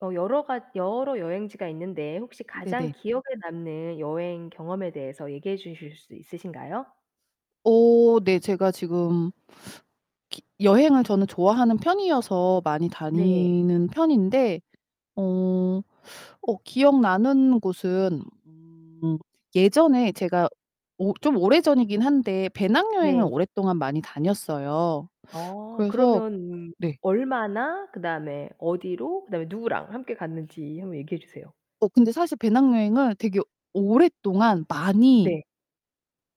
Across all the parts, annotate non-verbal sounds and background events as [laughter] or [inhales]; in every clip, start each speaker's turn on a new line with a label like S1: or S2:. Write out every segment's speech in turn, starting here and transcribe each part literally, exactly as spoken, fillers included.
S1: 어 여러 가 여러 여행지가 있는데 혹시 가장
S2: 네네.
S1: 기억에 남는 여행 경험에 대해서 얘기해 주실 수 있으신가요?
S2: 어 네. 제가 지금 [sucks teeth] 기 여행을 저는 좋아하는 편이어서 많이
S1: 네.
S2: 다니는 편인데 어 [sucks teeth] 어 기억나는 곳은 음. 예전에 제가 오 좀 오래 전이긴 한데 배낭여행을
S1: 네.
S2: 오랫동안 많이 다녔어요.
S1: 아.
S2: 그래서
S1: 그러면
S2: 네.
S1: 얼마나 그다음에 어디로 그다음에 누구랑 함께 갔는지 한번 얘기해 주세요.
S2: 어 근데 사실 배낭여행을 되게 오랫동안 많이
S1: 네.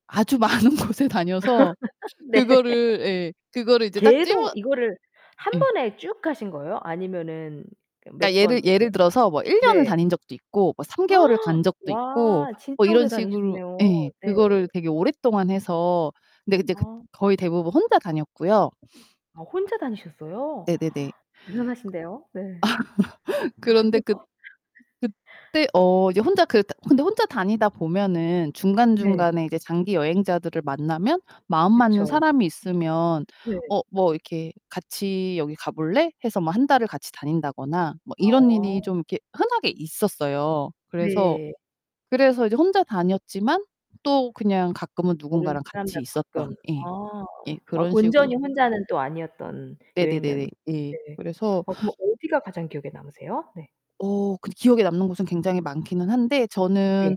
S2: 아주 많은 곳에 다녀서
S1: [laughs] 네. [laughs]
S2: 그거를 예, 그거를 이제 딱 집어
S1: 계속 이거를 한
S2: 예.
S1: 번에 쭉 가신 거예요? 아니면은 몇
S2: 그러니까
S1: 번
S2: 예를
S1: 이렇게
S2: 예를 들어서 뭐 일 년을
S1: 네.
S2: 다닌 적도 있고 뭐 삼 개월을
S1: [gasps]
S2: 간 적도 있고
S1: 와.
S2: 뭐
S1: 진짜
S2: 이런
S1: 오래
S2: 식으로
S1: 다니셨네요.
S2: 예,
S1: 네.
S2: 그거를 되게 오랫동안 해서. 근데 이제 그
S1: 아.
S2: 거의 대부분 혼자 다녔고요. [sniffs]
S1: 아 혼자 다니셨어요?
S2: 네네네.
S1: [gasps]
S2: 그
S1: 대단하신데요. 네.
S2: [laughs] 그런데 그
S1: [laughs]
S2: 그때 어 이제 혼자 그 다 근데 혼자 다니다 보면은
S1: 네.
S2: 중간중간에 이제 장기 여행자들을 만나면 마음 맞는
S1: 그쵸.
S2: 사람이 있으면
S1: 네.
S2: 어 뭐 이렇게 "같이 여기 가볼래?" 해서 뭐 한 달을 같이 다닌다거나 뭐 이런 일이
S1: 아.
S2: 좀 이렇게 흔하게 있었어요. 그래서
S1: 네.
S2: 그래서 이제 혼자 다녔지만 또 그냥 가끔은
S1: 모르는
S2: 누군가랑 같이
S1: 사람들하고 가끔.
S2: 있었던 예.
S1: 아.
S2: 예.
S1: 와
S2: 그런 식으로
S1: 온전히 혼자는 또 아니었던 여행이었
S2: 네네네네. 예.
S1: 네.
S2: 그래서
S1: 어 그러면
S2: [inhales]
S1: 어디가 가장 기억에 남으세요? 네.
S2: 어 근데 기억에 남는 곳은 굉장히 많기는 한데 저는
S1: 네.